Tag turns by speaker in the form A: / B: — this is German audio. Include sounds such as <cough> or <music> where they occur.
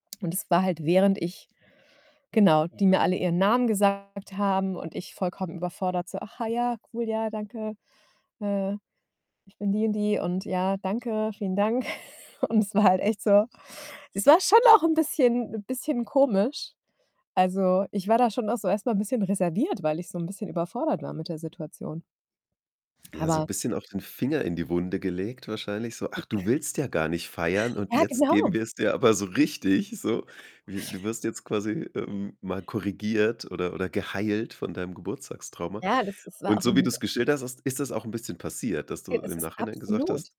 A: Und es war halt während ich genau, die mir alle ihren Namen gesagt haben, und ich vollkommen überfordert, so: „Ach, ah, ja, cool, ja, danke, äh, ich bin die und die. Und ja, danke, vielen Dank." <giggles> Und es war halt echt so es war schon auch 'n bisschen bisschen komisch. Also, ich war da schon auch so erstmal 'n bisschen reserviert, weil ich so 'n bisschen überfordert war mit der Situation.
B: Ja, so
A: Aber
B: bisschen auch den Finger in die Wunde gelegt, wahrscheinlich so: „Ach, du willst ja gar nicht feiern und
A: Ja,
B: jetzt geben
A: genau.
B: wir's dir aber so richtig, so.
A: <snorts>
B: Wir du wirst jetzt quasi, ähm, mal korrigiert", oder oder, „Geheilt, von deinem Geburtstagstrauma."
A: Ja, das ist war,
B: Und
A: auch
B: so wie
A: 'n
B: du's geschildert hast, ist das auch 'n bisschen passiert, dass du
A: G es
B: im
A: ist
B: Nachhinein gesagt hast
A: absolut.